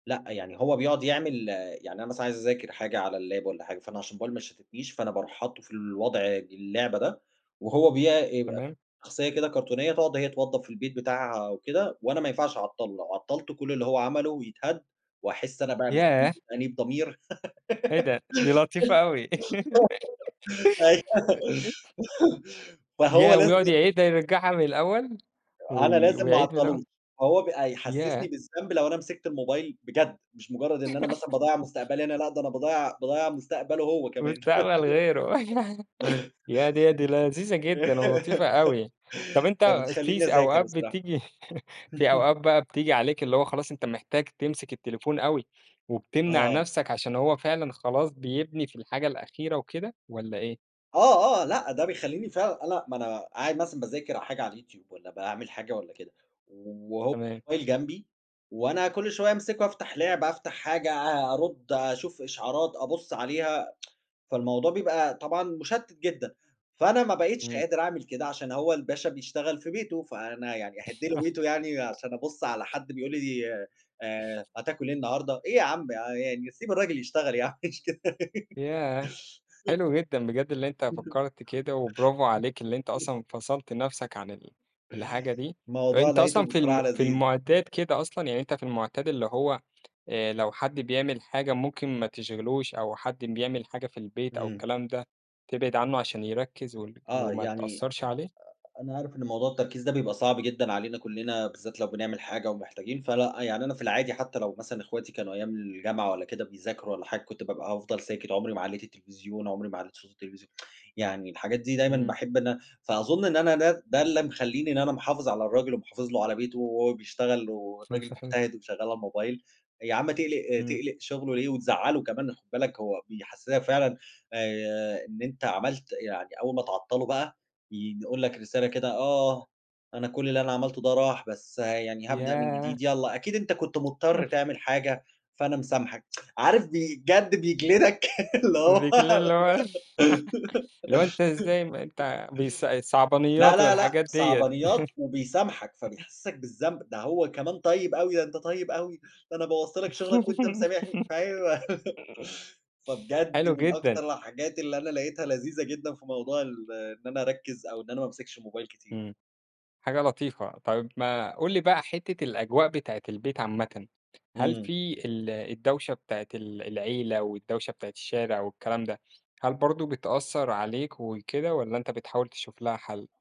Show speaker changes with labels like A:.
A: لأ يعني هو بيقعد يعمل يعني أنا مثلًا عايز أذاكر حاجة على اللاب والّا حاجة، فأنا عشان الموبايل ما يشتتنيش، فأنا باروح حاطُّه في الوضع اللعبة ده، وهو بيع يبقى
B: تمام.
A: شخصية كده كرتونية، تقعد هي توضب في البيت بتاعها أو كده، وأنا ما ينفعش أعطّلُه، لو عطّلتُه كلّ اللي هو عمله يتهد، واحس أنا بقى بالذ
B: ياه!
A: وتأنيب ضمير،
B: إيه ده؟ دي لطيفة أوي.
A: أيوه فهو
B: ياه! ويقعد
A: لازم
B: يعيدها يرّجعها من الأول؟
A: أنا
B: وي
A: لازم ما
B: ويعيد من الأول.
A: اعطّلوش، هو بقى يحسّسني
B: ياه!
A: بالذنب لو أنا مسكت الموبايل بجد، مش مجرد إن أنا مثلًا باضيّع مستقبلي، أنا لا ده أنا باضيّع باضيّع مستقبله هو كمان.
B: وبتعمل غيره، ياه! دي دي لذيذة جدًا ولطيفة أوي، طب أنت في
A: فبتخلّيني
B: س
A: اذاكر
B: أوقات
A: بصراحة.
B: بتيجي في أوقات بقى بتيجي عليك اللي هو خلاص أنت محتاج تمسك التليفون أوي، وبتمنع
A: آه.
B: نفْسك عشان هو فعلًا خلاص بيبني في الحاجة الأخيرة وكده، والّا إيه؟
A: آه، آه، لأ، ده بيخلّيني فعلًا أنا ما أنا قاعد مثلًا باذاكر حاجة على اليوتيوب والّا باعمل حاجة والّا كده، وهو
B: تمام.
A: الموبايل جنبي، وأنا كلّ شوية أمسكه أفتح لعبة أفتح حاجة أ أرد أشوف إشعارات، أبُصّ عليها، فالموضوع بيبقى طبعًا مُشتِّت جدًا، فأنا ما بقيتش
B: إمم.
A: قادر أعمل كده عشان هو الباشا بيشتغل في بيته، فأنا يعني أهِدْ له بيته يعني عشان أبُصّ على حد بيقول لي، آآ هتاكل إيه النهارده؟ إيه يا عم يعني سيب الراجل يشتغل يعني مش كده.
B: ياه! حلو جدًا بجد اللي أنت فكّرت كده، وبرافو عليك اللي أنت أصلًا فصَلْت نفْسك عن ال الحاجة دي،
A: الموضوع
B: أنت أصلًا
A: لقيته
B: في الم
A: بصراحة
B: في
A: لذيذ.
B: المعتاد كده أصلًا يعني أنت في المعتاد اللي هو، آآ لو حد بيعمل حاجة ممكن ما تشغلوش، أو حد بيعمل حاجة في البيت أو
A: إمم.
B: الكلام ده، تبعد عنه عشان يركّز وال
A: آه
B: وما
A: يعني أ
B: تأثّرش عليه؟
A: أ أنا عارف إن موضوع التركيز ده بيبقى صعب جدًا علينا كلّنا، بالذات لو بنعمل حاجة ومحتاجين، فلأ يعني أنا في العادي حتّى لو مثلًا إخواتي كانوا أيام الجامعة والّا كده بيذاكروا والّا حاجة كنت بابقى هافضل ساكت، عمري ما علّيت التلفزيون عمري ما علّيت صوت التلفزي يعني الحاجات دي دايمًا
B: إمم.
A: باحب إن فأظن إن أنا ده ده اللي مخلّيني إن أنا محافظ على الراجل ومحافظ له على بيته، وهو بيشتغل
B: كلام
A: والراجل
B: صحيح.
A: مجتهد وشغال على الموبايل، يا عم تقلِق
B: إمم.
A: تقلِق شغله ليه وتزعّله كمان، خد بالك هو بيحسّسك فعلًا، آآ إن أنت عملت يعني أول ما تعطّلُه بقى، يقول لك رسالة كده: "آه، أنا كلّ اللي أنا عملته ده راح، بس يعني هابدأ من
B: ياه!
A: جديد، يلّا أكيد أنت كنت مضطر
B: [unintelligible]
A: تعمل حاجة، فأنا مسامحك" عارف بجد بيجلدك، اللي هو
B: [unintelligible] اللي هو اللي هو أنت إزاي م أنت بيص
A: لا،
B: صعبانيات
A: لا، لأ،
B: والحاجات ديّة.
A: صعبانيات وبيسامحك، فبيحسّسك بالذنب، ده هو كمان طيب أوي، ده أنت طيب أوي، ده أنا بوَّظت لك شغلك وأنت مسامحني، أيوه فبجد
B: حلو
A: من
B: جدًا.
A: أكتر الحاجات اللي أنا لقيتها لذيذة جدًا في موضوع ال إن أنا أركّز، أو إن أنا ما أمسكش الموبايل كتير.
B: إمم، حاجة لطيفة، طيب ما قُل لي بقى حتّة الأجواء بتاعة البيت عامةً، هل
A: إمم.
B: في ال الدوشة بتاعة ال العيلة، والدوشة بتاعة الشارع والكلام ده، هل برضه بتأثّر عليك وكده؟ والّا أنت بتحاول تشوف لها حل؟